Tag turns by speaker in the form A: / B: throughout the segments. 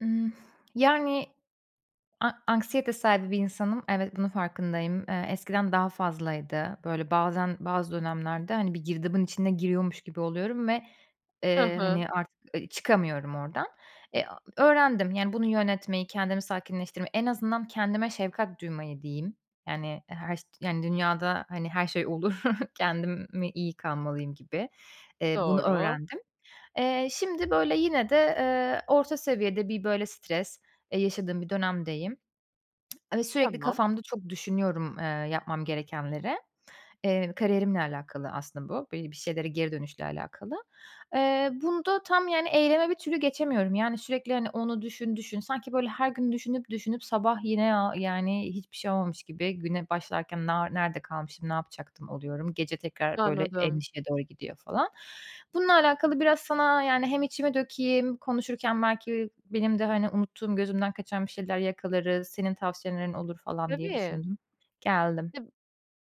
A: Yani, a anksiyete sahibi bir insanım. Evet, bunun farkındayım. Eee, eskiden daha fazlaydı. Böyle, bazen, bazı dönemlerde, hani, bir girdabın içine giriyormuş gibi oluyorum ve,
B: Hı
A: eee,
B: hı.
A: hani, artık, ııı, çıkamıyorum ordan. Eee, a öğrendim, yani, bunu yönetmeyi, kendimi sakinleştirmeyi, en azından kendime şefkat duymayı, diyeyim. Yani, her şeyd yani, dünyada, hani, her şey olur, kendim mi iyi kalmalıyım gibi, eee, bunu
B: Doğru.
A: öğrendim. Eee, şimdi böyle yine de, eee, orta seviyede bir, böyle, stres, eee, yaşadığım bir dönemdeyim. Ve sürekli
B: Tamam.
A: kafamda çok düşünüyorum, eee, yapmam gerekenleri. Eee, kariyerimle alakalı aslında bu, böyle, bir şeylere geri dönüşle alakalı. Eee, bunda tam, yani, eyleme bir türlü geçemiyorum, yani, sürekli, hani, onu düşün, düşün. Sanki, böyle, her gün düşünüp düşünüp sabah yine, aaa, yani, hiçbir şey olmamış gibi güne başlarken, "Na nerede kalmışım, ne yapacaktım?" oluyorum. Gece tekrar, böyle,
B: Anladım.
A: endişeye doğru gidiyor falan. Bununla alakalı biraz sana, yani, hem içimi dökeyim, konuşurken belki benim de, hani, unuttuğum, gözümden kaçan bir şeyler yakalarız, senin tavsiyelerin olur falan diye
B: Tabii.
A: düşündüm. Geldim.
B: Tab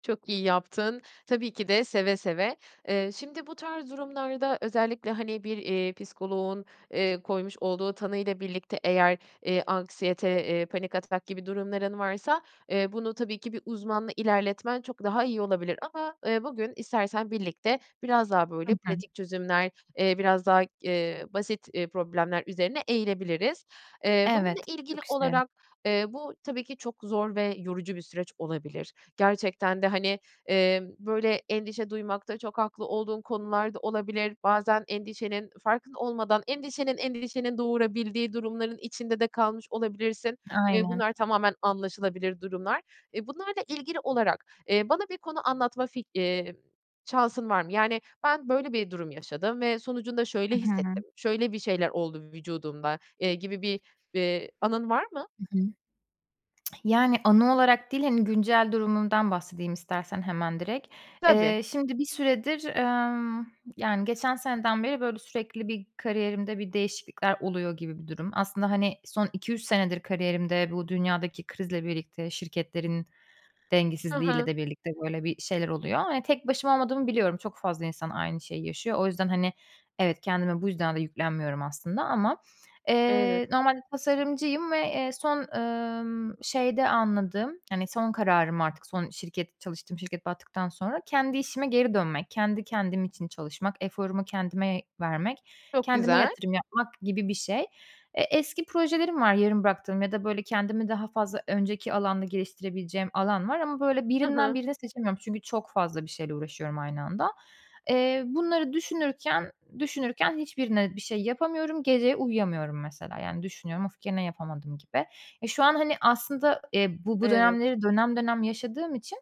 B: Çok iyi yaptın. Tabii ki de, seve seve. Eee, şimdi bu tarz durumlarda özellikle, hani, bir, eee, psikoloğun, eee, koymuş olduğu tanıyla birlikte eğer, eee, anksiyete, eee, panik atak gibi durumların varsa, eee, bunu tabii ki bir uzmanla ilerletmen çok daha iyi olabilir. Ama, eee, bugün istersen birlikte biraz daha,
A: Hı
B: böyle,
A: hı.
B: pratik çözümler, eee, biraz daha, eee, basit problemler üzerine eğilebiliriz. Eee, bununla
A: Evet,
B: ilgili
A: çok isterim.
B: olarak, eee, bu tabii ki çok zor ve yorucu bir süreç olabilir. Gerçekten de, hani, emm, böyle, endişe duymakta çok haklı olduğun konular da olabilir. Bazen endişenin farkında olmadan endişenin endişenin doğurabildiği durumların içinde de kalmış olabilirsin. Eee,
A: Aynen.
B: bunlar tamamen anlaşılabilir durumlar. Eee, bunlarla ilgili olarak, eee, bana bir konu anlatma fik iii, şansın var mı? Yani, "Ben, böyle bir durum yaşadım ve sonucunda şöyle
A: Hı hı.
B: hissettim, şöyle bir şeyler oldu vücudumda." eee, gibi bir, eee, anın var mı?
A: Hı hı. Yani, anı olarak değil, hani, güncel durumumdan bahsedeyim istersen hemen direkt.
B: Tabii.
A: Eee, şimdi bir süredir, emm, yani, geçen seneden beri, böyle sürekli bir kariyerimde bir değişiklikler oluyor gibi bir durum. Aslında, hani, son 2-3 senedir kariyerimde bu dünyadaki krizle birlikte, şirketlerin
B: Hı
A: dengesizliğiyle
B: hı.
A: de birlikte böyle bir şeyler oluyor. Hani, tek başıma olmadığımı biliyorum. Çok fazla insan aynı şeyi yaşıyor. O yüzden, hani, evet, kendime bu yüzden de yüklenmiyorum aslında ama,
B: Evet.
A: eee, normalde tasarımcıyım ve, eee, son, emm, şeyde anladığım, hani, son kararım artık, son şirket çalıştığım şirket battıktan sonra kendi işime geri dönmek, kendi kendim için çalışmak, eforumu kendime vermek,
B: Çok
A: kendime
B: güzel.
A: yatırım yapmak gibi bir şey. E, eski projelerim var, yarım bıraktığım ya da, böyle, kendimi daha fazla önceki alanda geliştirebileceğim alan var ama, böyle,
B: Hı
A: birinden
B: hı.
A: birini seçemiyorum, çünkü çok fazla bir şeyle uğraşıyorum aynı anda. Eee, bunları düşünürken düşünürken hiçbirine bir şey yapamıyorum. Gece uyuyamıyorum, mesela, yani, düşünüyorum, "Of! Gene yapamadım." gibi. E, şu an, hani, aslında, eee, bu bu
B: Evet.
A: dönemleri dönem dönem yaşadığım için,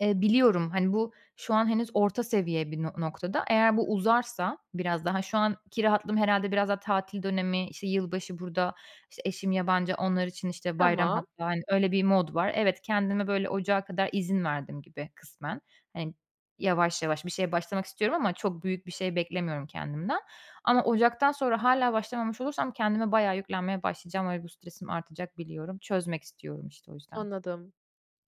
A: eee, biliyorum, hani, bu, şu an henüz orta seviye bir no noktada. Eğer bu uzarsa, biraz daha şu anki rahatlığım herhâlde, biraz daha tatil dönemi, işte, yılbaşı burada, işte, eşim yabancı, onlar için, işte, bayram
B: Tamam.
A: hatta, hani, öyle bir mod var. Evet, kendime böyle ocağa kadar izin verdim gibi kısmen. Hani, yavaş yavaş bir şeye başlamak istiyorum ama çok büyük bir şey beklemiyorum kendimden. Ama ocaktan sonra hâlâ başlamamış olursam kendime bayağı yüklenmeye başlayacağım ve bu stresim artacak, biliyorum. Çözmek istiyorum, işte, o yüzden.
B: Anladım.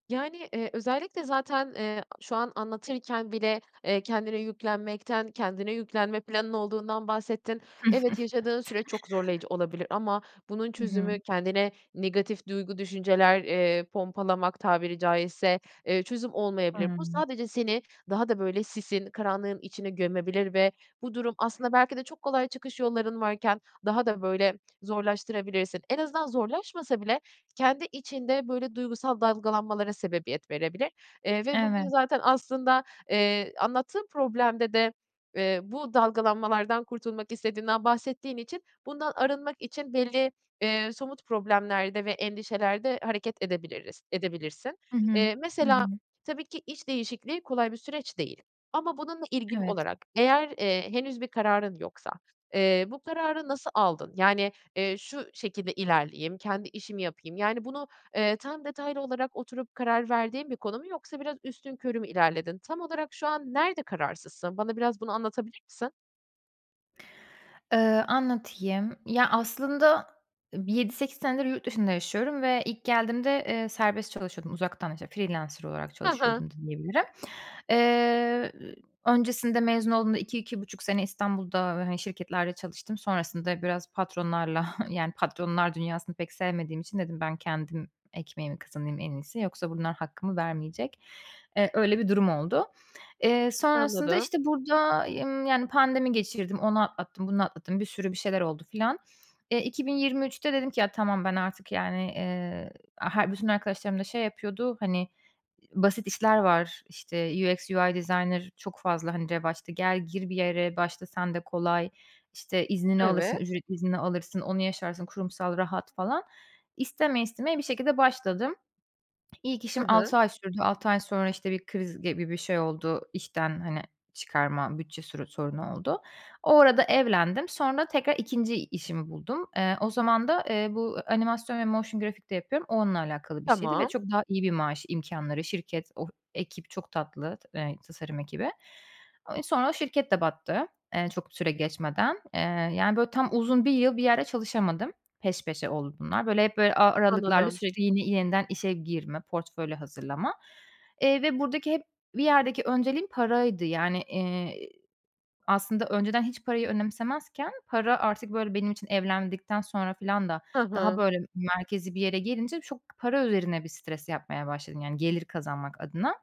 B: Yani, eee, özellikle zaten, eee, şu an anlatırken bile, eee, kendine yüklenmekten, kendine yüklenme planın olduğundan bahsettin. Evet, yaşadığın süre çok zorlayıcı olabilir ama bunun
A: Hı hı.
B: çözümü kendine negatif duygu, düşünceler, eee, pompalamak tabiri caizse, eee, çözüm olmayabilir. Bu,
A: Hıı.
B: sadece seni daha da böyle sisin, karanlığın içine gömebilir ve bu durum aslında belki de çok kolay çıkış yolların varken daha da böyle zorlaştırabilirsin. En azından zorlaşmasa bile kendi içinde, böyle, duygusal dalgalanmalara sebebiyet verebilir. Eee, ve
A: Evet.
B: bugün zaten aslında, eee, anlattığın problemde de, eee, bu dalgalanmalardan kurtulmak istediğinden bahsettiğin için bundan arınmak için belli, eee, somut problemlerde ve endişelerde hareket edebiliriz, edebilirsin.
A: Hı hı.
B: Eee,
A: Hı
B: mesela,
A: hı.
B: tabii ki, iş değişikliği kolay bir süreç değil ama bununla ilgili
A: Evet.
B: olarak, eğer, eee, henüz bir kararın yoksa, eee, bu kararı nasıl aldın? Yani, eee, "Şu şekilde ilerleyeyim, kendi işimi yapayım." yani, bunu, eee, tam detaylı olarak oturup karar verdiğin bir konu mu yoksa biraz üstünkörü mü ilerledin? Tam olarak şu an nerede kararsızsın? Bana biraz bunu anlatabilir misin?
A: Eee, anlatayım. Ya, aslında, e, bir 7-8 senedir yurt dışında yaşıyorum ve ilk geldiğimde, eee, serbest çalışıyordum uzaktan, işte, freelancer olarak
B: Ha ha.
A: çalışıyordum da diyebilirim. Eee, öncesinde, mezun olduğumda 2-2,5 sene İstanbul'da, eee, hani, şirketlerde çalıştım. Sonrasında biraz patronlarla yani patronlar dünyasını pek sevmediğim için dedim, "Ben kendim ekmeğimi kazanayım en iyisi. Yoksa bunlar hakkımı vermeyecek." Eee, öyle bir durum oldu. Eee, sonrasında,
B: Anladım.
A: işte, burada y ımm, yani, pandemi geçirdim, onu atlattım, bunu atlattım, bir sürü bir şeyler oldu filan. Eee, 2023'te dedim ki: "Ya, tamam. Ben, artık, yani", eee, a her bütün arkadaşlarım da şey yapıyordu, hani, "Basit işler var. İşte, UX/UI designer çok fazla, hani, revaçta. Gel, gir bir yere, başla sen de. Kolay. İşte, iznini alırsın,
B: Evet.
A: ücretli iznini alırsın. Onu yaşarsın, kurumsal, rahat..." falan. İstemeye istemeye bir şekilde başladım. İlk işim
B: Hı hı.
A: 6 ay sürdü. 6 ay sonra, işte, bir kriz gibi bir şey oldu. İşten, hani, çıkarma bütçe suru sorunu oldu. O arada evlendim. Sonra tekrar 2'nci işimi buldum. Eee, o zaman da, eee, bu a animasyon ve motion graphic de yapıyorum. O, onunla alakalı bir şeydi ve
B: Tamam.
A: çok daha iyi bir maaş, imkânları, şirket, o ekip çok tatlı, t eee, tasarım ekibi. Eee, sonra o şirket de battı, eee, çok süre geçmeden. Eee, yani, böyle tam, uzun 1 yıl bir yerde çalışamadım. Peş peşe oldu bunlar. Böyle, hep böyle a aralıklarla
B: Anladım.
A: süreci yeni yeniden işe girme, portfolyo hazırlama. Eee, ve buradaki hep bir yerdeki önceliğim paraydı, yani, eee, aslında önceden hiç parayı önemsemezken para artık, böyle, benim için evlendikten sonra filan da
B: Hı
A: daha
B: hı.
A: böyle merkezî bir yere gelince çok para üzerine bir stres yapmaya başladım yani gelir kazanmak adına.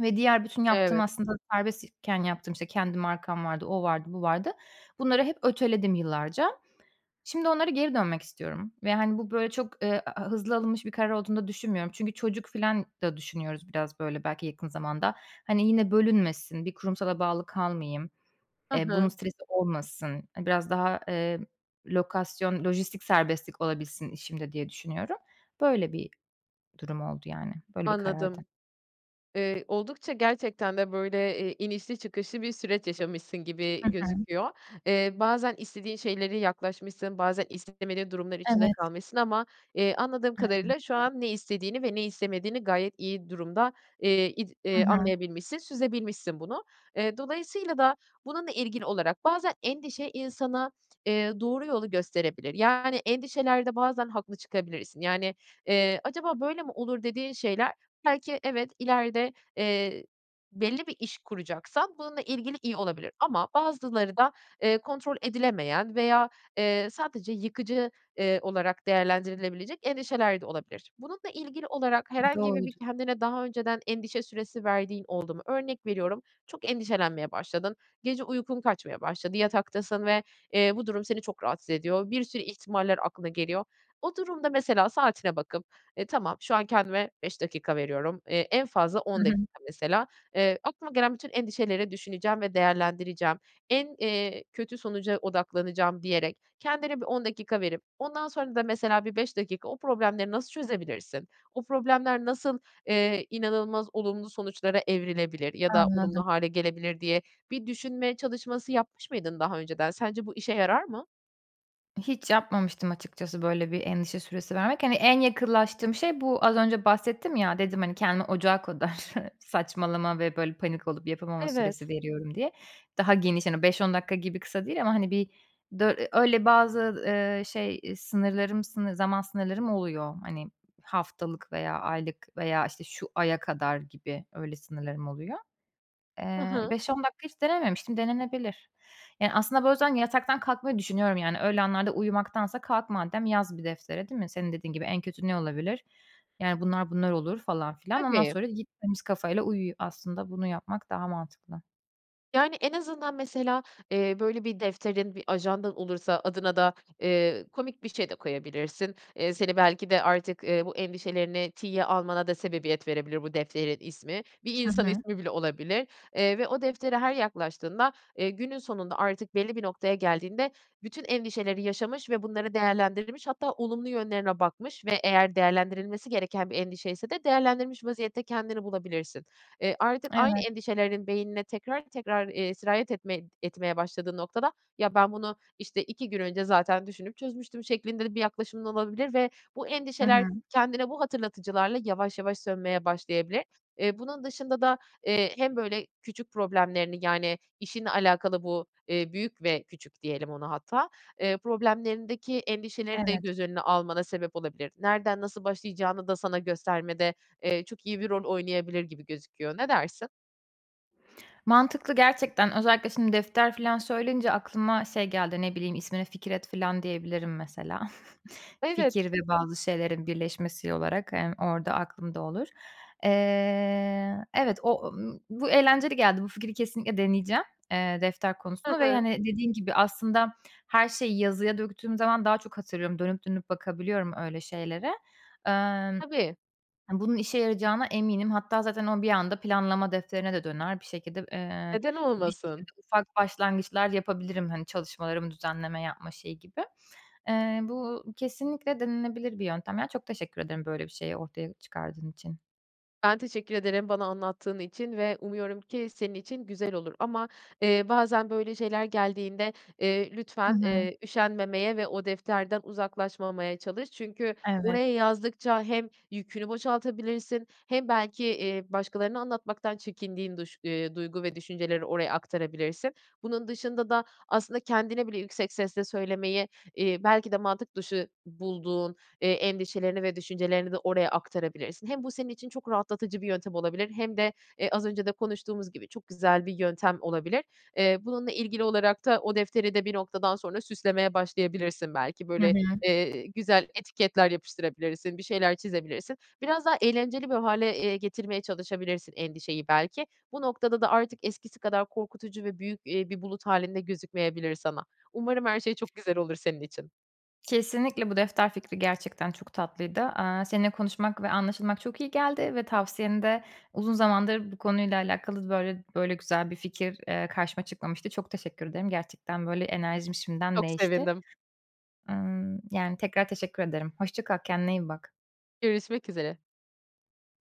A: Ve diğer bütün yaptığım
B: Evet.
A: aslında serbest iken yaptığım, işte, kendi markam vardı, o vardı, bu vardı. Bunları hep öteledim yıllarca. Şimdi onlara geri dönmek istiyorum ve, hani, bu böyle çok, eee, a a hızlı alınmış bir karar olduğunu da düşünmüyorum. Çünkü çocuk filan da düşünüyoruz biraz böyle belki yakın zamanda. Hani, yine bölünmesin, bir kurumsala bağlı kalmayayım,
B: Hı
A: eee, bunun
B: hı.
A: stresi olmasın, hani, biraz daha, emm, lokasyon, lojistik serbestlik olabilsin işimde diye düşünüyorum. Böyle bir durum oldu yani. Böyle bir karardı.
B: Anladım. Eee, oldukça gerçekten de böyle, eee, inişli çıkışlı bir süreç yaşamışsın
A: Hı
B: gibi
A: hı.
B: gözüküyor. Eee, bazen istediğin şeylere yaklaşmışsın, bazen istemediğin durumlar içinde
A: Evet.
B: kalmışsın ama, eee, anladığım kadarıyla şu an ne
A: [unintelligible]
B: istediğini ve ne istemediğini gayet iyi durumda, eee, id
A: Hı
B: eee,
A: hı.
B: anlayabilmişsin, süzebilmişsin bunu. Eee, dolayısıyla da bununla ilgili olarak bazen endişe insana, eee, doğru yolu gösterebilir yani endişelerde bazen haklı çıkabilirsin. Yani, eee, "Acaba böyle mi olur?" dediğin şeyler belki evet, ileride, eee, belli bir iş kuracaksan bununla ilgili iyi olabilir. Ama bazıları da, eee, kontrol edilemeyen veya, eee, sadece yıkıcı, eee, olarak değerlendirilebilecek endişeler de olabilir. Bununla ilgili olarak herhangi bir
A: Doğru.
B: bir kendine daha önceden endişe süresi verdiğin oldu mu? Örnek veriyorum, çok endişelenmeye başladın. Gece uykun kaçmaya başladı. Yataktasın ve, eee, bu durum seni çok rahatsız ediyor. Bir sürü ihtimaller aklına geliyor. O durumda mesela saatine bakıp, eee, "Tamam, şu an kendime 5 dakika veriyorum. Eee, en fazla
A: Hı
B: 10 dakika
A: hı.
B: mesela. Eee, aklıma gelen bütün endişeleri düşüneceğim ve değerlendireceğim. En, eee, kötü sonuca odaklanacağım." diyerek kendine bir 10 dakika verip ondan sonra da mesela bir 5 dakika o problemleri nasıl çözebilirsin, o problemler nasıl, eee, inanılmaz olumlu sonuçlara evrilebilir ya da
A: Anladım.
B: olumlu hâle gelebilir diye bir düşünme çalışması yapmış mıydın daha önceden? Sence bu işe yarar mı?
A: Hiç yapmamıştım açıkçası, böyle bir endişe süresi vermek. Hani, en yakınlaştığım şey, bu az önce bahsettim ya, dedim, hani, "Kendime ocağa kadar saçmalama ve böyle panik olup yapamama
B: Evet.
A: süresi veriyorum." diye. Daha geniş, hani, 5-10 dakika gibi kısa değil ama, hani, bir dö eee, öyle bazı, eee, şey, eee, sınırlarım, sını zaman sınırlarım oluyor, hani, haftalık veya aylık veya, işte, şu aya kadar gibi. Öyle sınırlarım oluyor.
B: Hı
A: Eee,
B: hı.
A: 5-10 dakika hiç denememiştim, denenebilir. Yani, aslında bu yüzden yataktan kalkmayı düşünüyorum yani öyle anlarda uyumaktansa kalk madem yaz bir deftere, değil mi? Senin dediğin gibi, en kötü ne olabilir? Yani, bunlar, bunlar olur falan filan. Ondan
B: Tabii.
A: sonra git, temiz kafayla uyu. Aslında bunu yapmak daha mantıklı.
B: Yani, en azından mesela, eee, böyle bir defterin, bir ajandan olursa adına da, eee, komik bir şey de koyabilirsin. Eee, seni belki de artık, eee, bu endişelerini tiye almana da sebebiyet verebilir bu defterin ismi. Bir
A: Hı
B: insan
A: hı.
B: ismi bile olabilir. Eee, ve o deftere her yaklaştığında, eee, günün sonunda artık belli bir noktaya geldiğinde bütün endişeleri yaşamış ve bunları değerlendirmiş hatta olumlu yönlerine bakmış ve eğer değerlendirilmesi gereken bir endişeyse de değerlendirmiş vaziyette kendini bulabilirsin. Eee, artık aynı
A: Evet.
B: endişelerinin beynine tekrar tekrar, eee, sirayet etme etmeye başladığı noktada, "Ya, ben bunu, işte, 2 gün önce zaten düşünüp çözmüştüm." şeklinde de bir yaklaşımın olabilir ve bu
A: Hı
B: endişeler
A: hı.
B: kendine bu hatırlatıcılarla yavaş yavaş sönmeye başlayabilir. Eee, bunun dışında da, eee, hem böyle küçük problemlerini yani işinle alakalı bu, eee, büyük ve küçük diyelim ona hatta, eee, problemlerindeki endişeleri de
A: Evet.
B: göz önüne almana sebep olabilir. Nereden nasıl başlayacağını da sana göstermede, eee, çok iyi bir rol oynayabilir gibi gözüküyor. Ne dersin?
A: Mantıklı gerçekten. Özellikle şimdi defter filan söyleyince aklıma şey geldi, ne bileyim, ismine "Fikir Et" filan diyebilirim mesela.
B: Evet.
A: Fikir ve bazı şeylerin birleşmesi olarak hem orada aklımda olur. Eee, evet, o bu eğlenceli geldi. Bu fikri kesinlikle deneyeceğim, eee, defter
B: Hı
A: konusunu ve,
B: hı.
A: hani, dediğin gibi, aslında her şeyi yazıya döktüğüm zaman daha çok hatırlıyorum. Dönüp dönüp bakabiliyorum öyle şeylere. Emm,
B: Tabii.
A: ha, bunun işe yarayacağına eminim hatta zaten o bir anda planlama defterine de döner. Bir şekilde eee,
B: Neden
A: bir
B: olmasın?
A: şekilde ufak başlangıçlar yapabilirim, hani, çalışmalarımı düzenleme yapma şeyi gibi. Eee, bu kesinlikle denenebilir bir yöntem. Ya, çok teşekkür ederim böyle bir şeyi ortaya çıkardığın için.
B: Ben teşekkür ederim bana anlattığın için ve umuyorum ki senin için güzel olur ama, eee, bazen böyle şeyler geldiğinde, eee,
A: Hı
B: lütfen,
A: hı.
B: eee, üşenmemeye ve o defterden uzaklaşmamaya çalış. Çünkü
A: Evet.
B: oraya yazdıkça hem yükünü boşaltabilirsin hem belki, eee, başkalarına anlatmaktan çekindiğin duş eee, duygu ve düşünceleri oraya aktarabilirsin. Bunun dışında da aslında kendine bile yüksek sesle söylemeyi, eee, belki de mantık dışı bulduğun, eee, endişelerini ve düşüncelerini de oraya aktarabilirsin. Hem bu senin için çok rahatlatıcı bir yöntem olabilir hem de, eee, az önce de konuştuğumuz gibi, çok güzel bir yöntem olabilir. Eee, bununla ilgili olarak da o defteri de bir noktadan sonra süslemeye başlayabilirsin belki.
A: Hı
B: Böyle,
A: hı.
B: eee, güzel etiketler yapıştırabilirsin, bir şeyler çizebilirsin. Biraz daha eğlenceli bir hâle, eee, getirmeye çalışabilirsin endişeyi belki. Bu noktada da artık eskisi kadar korkutucu ve büyük, eee, bir bulut hâlinde gözükmeyebilir sana. Umarım her şey çok güzel olur senin için.
A: Kesinlikle bu defter fikri gerçekten çok tatlıydı. Aaa, seninle konuşmak ve anlaşılmak çok iyi geldi ve tavsiyeni de uzun zamandır bu konuyla alakalı böyle böyle güzel bir fikir, eee, karşıma çıkmamıştı. Çok teşekkür ederim. Gerçekten, böyle, enerjim şimdiden
B: Çok
A: değişti.
B: sevindim.
A: Imm, yani, tekrar teşekkür ederim. Hoşça kal, kendine iyi bak.
B: Görüşmek üzere.